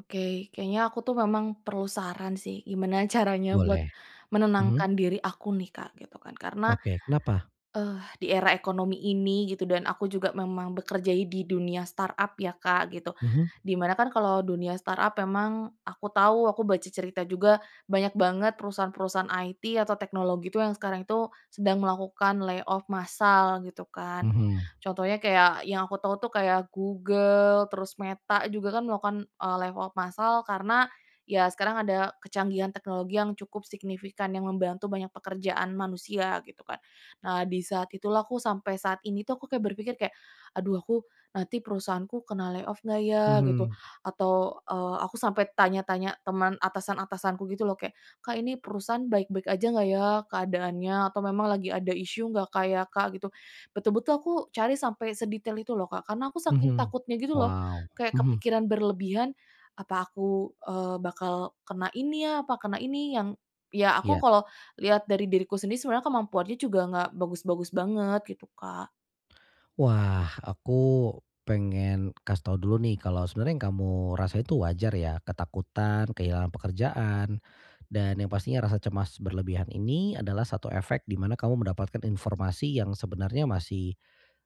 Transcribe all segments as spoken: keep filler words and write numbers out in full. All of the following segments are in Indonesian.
Oke, kayaknya aku tuh memang perlu saran sih, gimana caranya buat Boleh. Mhm. menenangkan diri aku nih, Kak, gitu kan. Karena, Oke, kenapa? eh, di era ekonomi ini gitu dan aku juga memang bekerja i di dunia startup ya, Kak, gitu, Mhm. di mana kan kalau dunia startup emang aku tahu aku baca cerita juga banyak banget perusahaan-perusahaan IT atau teknologi itu yang sekarang itu sedang melakukan lay off massal gitu kan. Mhm. Contohnya kayak yang aku tahu tuh kayak Google terus Meta juga kan melakukan, eee, lay off massal karena ya sekarang ada kecanggihan teknologi yang cukup signifikan yang membantu banyak pekerjaan manusia gitu kan. Nah, di saat itulah aku sampai saat ini tuh aku kayak berpikir kayak, "Aduh, aku nanti perusahaanku kena lay off nggak ya?" Gitu, Mhm. atau, eee, aku sampai tanya-tanya teman atasan-atasanku gitu loh kayak, "Kak, ini perusahaan baik-baik aja nggak ya keadaannya atau memang lagi ada isu nggak, Kak, ya, Kak?" Gitu. Betul-betul aku cari sampai sedetail itu loh, Kak, karena aku saking Mhm. takutnya gitu loh, Wow, kayak mhm. kepikiran berlebihan, "Apa aku, eee, bakal kena ini ya, apa kena ini yang" ya, aku Iya. kalau lihat dari diriku sendiri sebenarnya kemampuannya juga enggak bagus-bagus banget gitu, Kak. Wah, aku pengen kasih tahu dulu nih, kalau sebenarnya yang kamu rasa itu wajar ya, ketakutan, kehilangan pekerjaan. Dan yang pastinya rasa cemas berlebihan ini adalah satu efek di mana kamu mendapatkan informasi yang sebenarnya masih,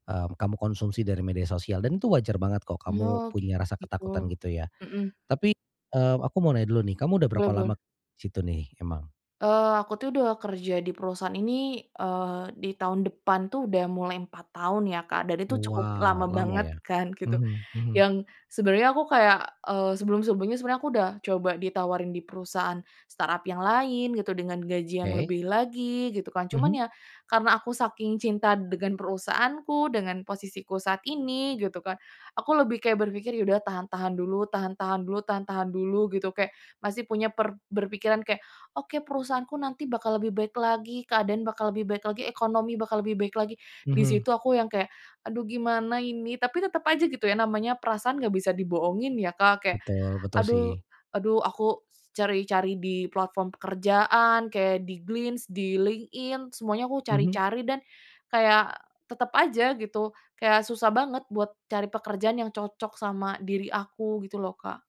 mmm, kamu konsumsi dari media sosial dan itu wajar banget kok, kamu Oh, punya rasa ketakutan gitu. gitu ya. Mhm. Tapi, eee, aku mau nanya dulu nih, kamu udah Boleh berapa lama boleh. di situ nih emang? Eee, aku tuh udah kerja di perusahaan ini, eee, di tahun depan tuh udah mulai empat tahun ya, Kak, dan itu cukup lama Wow, lama banget ya. kan gitu, Mhm mhm. yang sebenarnya aku kayak, eee, sebelum-sebelumnya sebenarnya aku udah coba ditawarin di perusahaan startup yang lain gitu dengan gaji yang Oke. lebih lagi gitu kan. Mhm. Cuman ya, karena aku saking cinta dengan perusahaanku, dengan posisiku saat ini gitu kan, aku lebih kayak berpikir, "Ya udah tahan-tahan dulu tahan-tahan dulu tahan tahan dulu," gitu kayak masih punya per berpikiran kayak, "Oke, perusahaanku nanti bakal lebih baik lagi, keadaan bakal lebih baik lagi, ekonomi bakal lebih baik lagi," di Mhm. situ aku yang kayak, "Aduh, gimana ini?" Tapi tetep aja gitu ya namanya perasaan nggak bisa dibohongin ya, Kak, kayak, Betul, betul aduh sih. aduh, aku cari-cari di platform pekerjaan kayak di Glints, di LinkedIn semuanya aku Mhm. cari-cari, dan kayak tetep aja gitu kayak susah banget buat cari pekerjaan yang cocok sama diri aku gitu loh, Kak.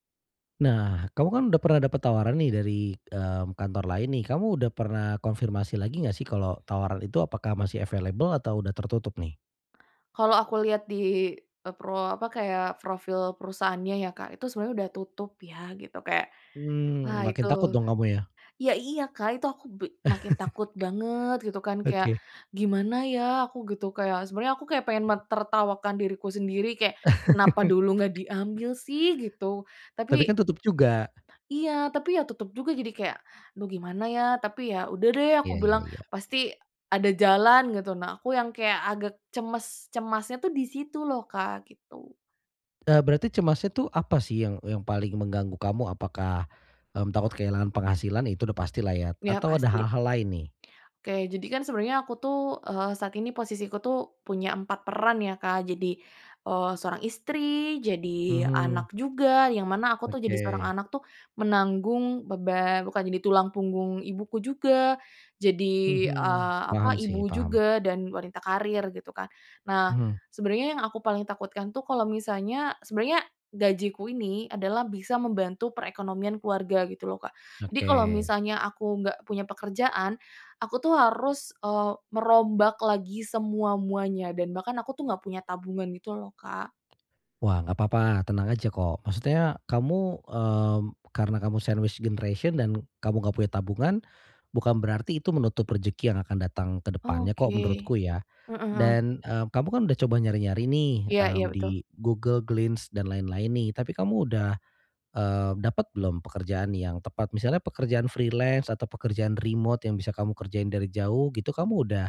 Nah, kamu kan udah pernah dapat tawaran nih dari, mmm, kantor lain nih, kamu udah pernah konfirmasi lagi nggak sih, kalau tawaran itu apakah masih available atau udah tertutup nih? Kalau aku lihat di, eee, pro apa, kayak profil perusahaannya ya, Kak, itu sebenarnya udah tutup ya gitu kayak, Mmm, wah, makin itu takut kamu dong kamu ya? ya, iya, Kak, itu aku bi makin takut banget gitu kan kayak, Oke. "Gimana ya aku?" Gitu kayak sebenarnya aku kayak pengen mentertawakan diriku sendiri kayak, "Kenapa dulu enggak diambil sih?" Gitu, Tapi tapi kan tutup juga. iya, tapi ya tutup juga. Jadi kayak, "Aduh, gimana ya tapi ya udah deh," aku Iya iya bilang, iya. "pasti ada jalan," gitu. Nah, aku yang kayak agak cemes cemasnya tuh di situ loh, Kak, gitu. Eee, berarti cemasnya tuh apa sih yang yang paling mengganggu kamu? Apakah, mmm, takut kehilangan penghasilan itu udah pastilah ya Iya, atau ada pasti. hal-hal lain nih? Oke, jadi kan sebenarnya aku tuh, eee, saat ini posisi ku tuh punya empat peran ya, Kak, jadi, eee, seorang istri, jadi Mhm. anak juga, yang mana aku tuh jadi seorang Oke. anak tuh, menanggung beban bukan jadi tulang punggung ibuku juga, jadi, Mhm, eee, apa paham ibu sih, paham. juga, dan wanita karir, gitu kan. Nah, Mhm. sebenarnya yang aku paling takutkan itu kalau misalnya sebenarnya gajiku ini adalah bisa membantu perkekonomian keluarga, gitu loh, Kak. Jadi kalau Oke. misalnya aku nggak punya pekerjaan, aku tuh harus, eee, merombak lagi semua-muanya, dan bahkan aku tuh nggak punya tabungan gitu loh, Kak. Wah, nggak papa, tenang aja kok, maksudnya kamu, mmm, karena kamu sandwich generation dan kamu nggak punya tabungan, bukan berarti itu menutup rezeki yang akan datang ke depannya kok, Oke. menurutku ya. Heeh heeh. Dan, eee, kamu kan udah coba nyari-nyari nih, Iya iya, mmm, betul. di Google, Glints, dan lain-lain nih, tapi kamu udah, eee, dapat belum pekerjaan yang tepat misalnya pekerjaan freelance atau pekerjaan remot yang bisa kamu kerjain dari jauh gitu kamu udah,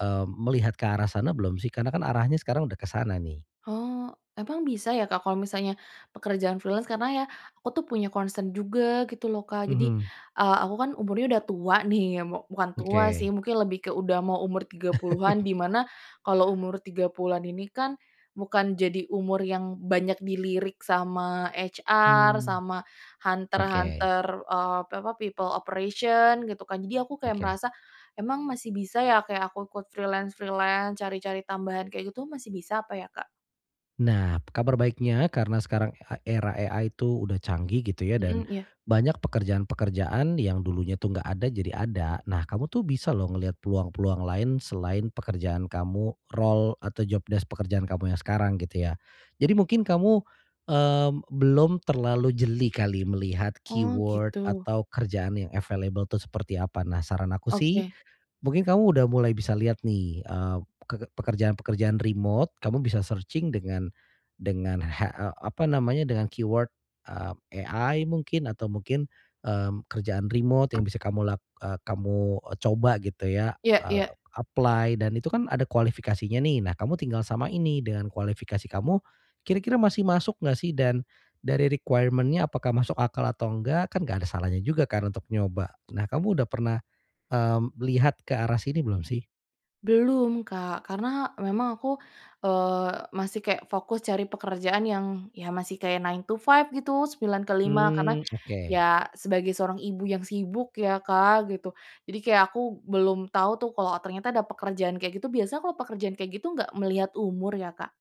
eee, melihat ke arah sana belum sih karena kan arahnya sekarang udah ke sana nih? Oh, emang bisa ya, Kak, kalau misalnya pekerjaan freelance? Karena ya, aku tuh punya concern juga gitu loh, Kak. Jadi, Mhm. eee, aku kan umurnya udah tua nih, ya mu bukan tua sih Oke. mungkin lebih ke udah mau umur tiga puluhan di mana kalau umur tiga puluhan ini kan, bukan jadi umur yang banyak dilirik sama HR Hmm, sama oke. hunter-hunter, eee, pi apa people operation gitu kan, jadi aku kayak Oke. merasa emang masih bisa ya, kayak aku ikut freelance-freelance, cari-cari tambahan kayak gitu masih bisa apa ya, Kak? Nah, kabar baiknya karena sekarang, e era AI itu udah canggih gitu ya dan Mhm, iya. banyak pekerjaan-pekerjaan yang dulunya tuh nggak ada jadi ada. Nah, kamu tuh bisa loh ngelihat peluang-peluang lain selain pekerjaan kamu role atau jobdesk pekerjaan kamu yang sekarang gitu ya. Jadi mungkin kamu, mmm, belum terlalu jeli kali melihat Oh, keyword gitu. atau kerjaan yang available tuh seperti apa. Nah, saran aku sih Oke. mungkin kamu udah mulai bisa lihat nih, eee, peke pekerjaan-pekerjaan remot kamu bisa searching dengan dengan ha e apa namanya dengan keyword, eee, AI mungkin atau mungkin, mmm, kerjaan remot yang bisa kamu lak eee, kamu e coba gitu ya, Iya eee, iya. apply dan itu kan ada kualifikasinya nih, nah, kamu tinggal samain nih, dengan kualifikasi kamu kira-kira masih masuk nggak sih dan dari requirement-nya apakah masuk akal atau enggak, kan nggak ada salahnya juga kan untuk nyoba? Nah, kamu udah pernah, mmm, lihat ke arah sini belum sih? Belum, Kak, karena memang aku, eee, masih kayak fokus cari pekerjaan yang, ya masih kayak nine-to-five gitu, sembilan ke lima karena Mmm, oke. ya sebagai seorang ibu yang sibuk ya Kak gitu. Jadi kayak aku belum tahu tuh kalau ternyata ada pekerjaan kayak gitu. Biasa kalau pekerjaan kayak gitu enggak melihat umur ya Kak?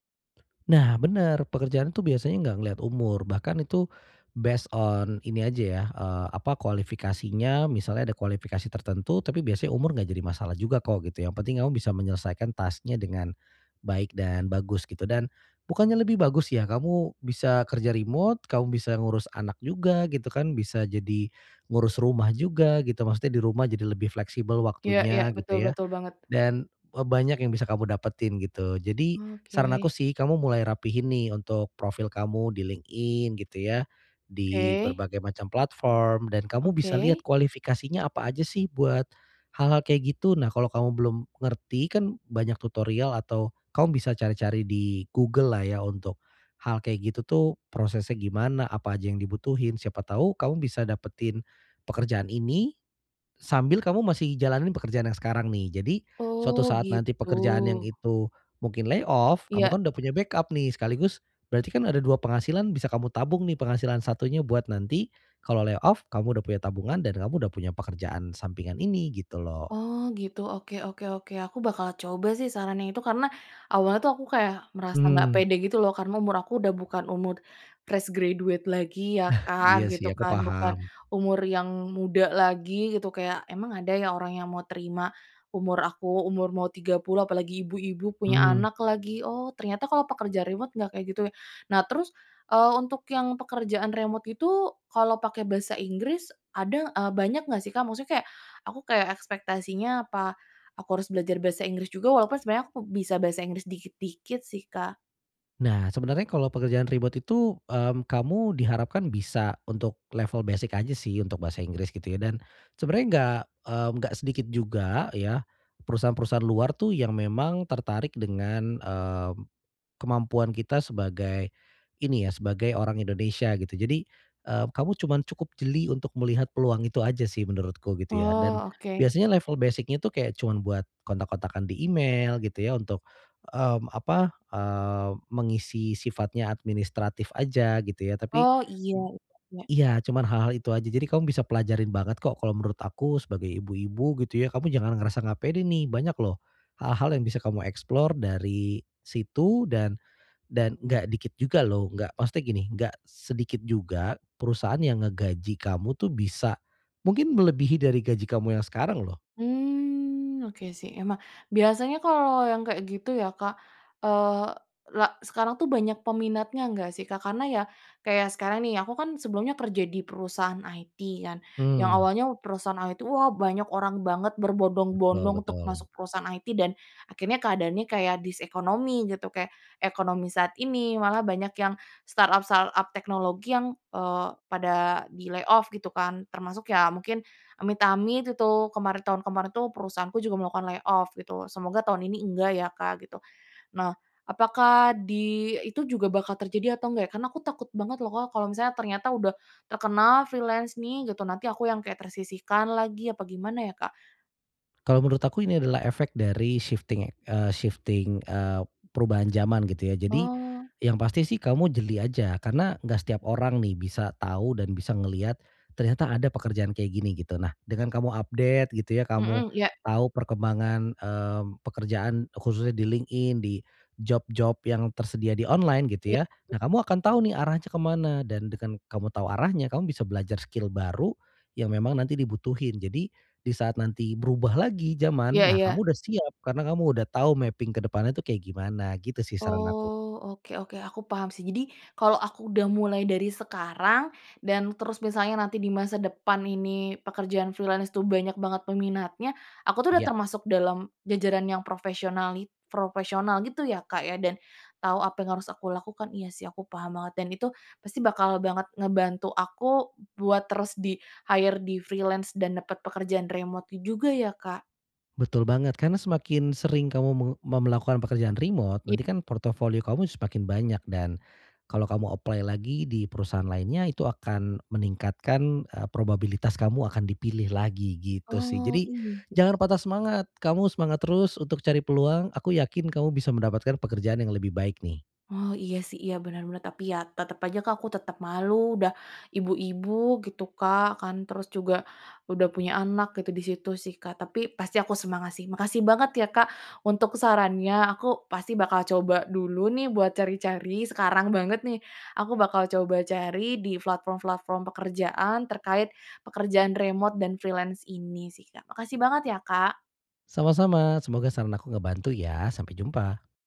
Nah, bener pekerjaan tuh biasanya nggak ngelihat umur bahkan itu based on ini aja ya, eee, apa kualifikasinya misalnya ada kualifikasi tertentu tapi biasanya umur nggak jadi masalah juga kok gitu yang penting kamu bisa menyelesaikan task-nya dengan baik dan bagus gitu dan bukannya lebih bagus ya kamu bisa kerja remote kamu bisa ngurus anak juga gitu kan bisa jadi ngurus rumah juga gitu maksudnya di rumah jadi lebih fleksibel Iya iya, waktunya betul, gitu ya. betul banget. Dan e banyak yang bisa kamu dapetin gitu. Jadi saran aku Oke. sih kamu mulai rapihin, nih, untuk profil kamu di LinkedIn gitu ya di Oke. berbagai macam platform dan kamu bisa lihat Oke. kualifikasinya apa aja sih buat hal-hal kayak gitu. Nah, kalau kamu belum ngerti kan banyak tutorial atau kamu bisa cari-cari di Google-lah ya untuk hal kayak gitu tuh prosesnya gimana, apa aja yang dibutuhin, siapa tahu kamu bisa dapetin pekerjaan ini sambil kamu masih jalanin pekerjaan yang sekarang, nih. Jadi suatu Oh, saat nanti gitu. pekerjaan yang itu mungkin layoff kamu Iya. kan udah punya backup, nih, sekaligus berarti kan ada dua penghasilan bisa kamu tabung, nih, penghasilan satunya buat nanti kalau layoff kamu udah punya tabungan dan kamu udah punya pekerjaan sampingan ini gitu loh. Oh, gitu, oke oke oke, aku bakal coba sih sarannya itu karena awalnya tuh aku kayak merasa nggak Mmm. pede gitu loh karena umur aku udah bukan umur fresh graduate lagi ya Iya, Kak sih gitu aku kan, bukan paham. umur yang muda lagi gitu kayak emang ada ya orang yang mau terima umur aku umur mau tiga puluh apalagi ibu-ibu punya Mmm. anak lagi. Oh, ternyata kalau pekerja remote enggak kayak gitu ya. Nah terus, eee, untuk yang pekerjaan remote itu kalau pake bahasa Inggris ada eee, banyak nggak sih Kak maksudnya kayak aku kayak ekspektasinya apa aku harus belajar bahasa Inggris juga walaupun sebenarnya aku bisa bahasa Inggris dikit-dikit sih Kak. Nah, sebenarnya kalau pekerjaan remote itu, mmm, kamu diharapkan bisa untuk level basic aja sih untuk bahasa Inggris gitu ya. Dan sebenarnya enggak, mmm, gak sedikit juga ya perusahaan-perusahaan luar tuh yang memang tertarik dengan, mmm, kemampuan kita sebagai ini ya sebagai orang Indonesia gitu. Jadi, eee, kamu cuman cukup jeli untuk melihat peluang itu aja sih menurutku gitu ya, dan Oh, oke. biasanya level basic-nya tuh kayak cuman buat kontak-kontakan di email gitu ya untuk, mmm, apa, eee, mengisi sifatnya administratif aja gitu ya tapi Oh, iya iya iya. iya, cuman hal-hal itu aja jadi kamu bisa pelajarin banget kok kalau menurut aku sebagai ibu-ibu gitu ya kamu jangan ngerasa gak pede, nih, banyak loh hal-hal yang bisa kamu explore dari situ dan dan gak dikit juga loh gak maksudnya gini, gak sedikit juga perusahaan yang ngegaji kamu tuh bisa mungkin melebihi dari gaji kamu yang sekarang loh. Mmm, oke, sih, emang biasanya kalau yang kayak gitu ya Kak, eee, la sekarang tuh banyak peminatnya nggak sih Kak? Karena ya kayak sekarang, nih, aku kan sebelumnya kerja di perusahaan IT kan yang Mmm. awalnya perusahaan IT, wah, banyak orang banget Betul berbondong-bondong untuk betul. masuk perusahaan IT dan akhirnya keadaannya kayak this ekonomi gitu kayak ekonomi saat ini, malah banyak yang startup-startup teknologi yang, eee, pada di-layoff gitu kan termasuk ya mungkin amit-amit itu kemarin tahun kemarin tuh perusahaanku juga melakukan layoff gitu, semoga tahun ini enggak ya Kak gitu. Nah, apakah di itu juga bakal terjadi atau enggak ya, karena aku takut banget loh Kak, kalau misalnya ternyata udah terkenal, freelance nih, gitu nanti aku yang kayak tersisihkan lagi apa gimana ya Kak? Kalau menurut aku ini adalah efek dari shifting, ya eee, shifting, eee, perubahan zaman gitu ya. Jadi Oh. yang pasti sih kamu jeli aja karena nggak setiap orang, nih, bisa tahu dan bisa ngeliat ternyata ada pekerjaan kayak gini gitu. Nah, dengan kamu update gitu ya kamu Mhm, iya. tahu perkembangan, mmm, pekerjaan khususnya di LinkedIn di job-job yang tersedia di online Iya. gitu ya. Nah, kamu akan tahu, nih, arahnya ke mana dan dengan kamu tahu arahnya kamu bisa belajar skill baru yang memang nanti dibutuhin. Jadi, di saat nanti berubah lagi zaman, Iya nah, iya. kamu udah siap karena kamu udah tahu mapping ke depannya tuh kayak gimana gitu sih saran aku. Oh, oke oke, aku paham sih. Jadi kalau aku udah mulai dari sekarang dan terus misalnya nanti di masa depan ini pekerjaan freelance itu banyak banget peminatnya, aku tuh udah Iya. termasuk dalam jajaran yang profesionali profesional gitu ya, Kak, ya, dan tahu apa yang harus aku lakukan. Iya sih aku paham banget dan itu pasti bakal banget ngebantu aku buat terus di-hire di-freelance dan dapet pekerjaan remote itu juga ya Kak? Betul banget, karena semakin sering kamu meng mau melakukan pekerjaan remote Iy nanti kan portofolio kamu semakin banyak, dan kalau kamu apply lagi di perusahaan lainnya itu akan meningkatkan, eee, probabilitas kamu akan dipilih lagi gitu sih. Oh, Jadi, iya. jangan patah semangat. Kamu semangat terus untuk cari peluang, aku yakin kamu bisa mendapatkan pekerjaan yang lebih baik, nih. Oh, iya, sih, iya, bener banget tapi ya tetep aja Kak aku tetep malu udah ibu-ibu gitu Kak kan, terus juga udah punya anak gitu di situ sih Kak. Tapi pasti aku semangat sih, makasih banget ya Kak untuk sarannya aku pasti bakal coba dulu, nih, buat cari-cari sekarang banget, nih, aku bakal coba cari di platform-platform pekerjaan terkait pekerjaan remote dan freelance ini sih Kak. Makasih banget ya Kak. Sama-sama semoga saran aku ngebantu ya, sampai jumpa!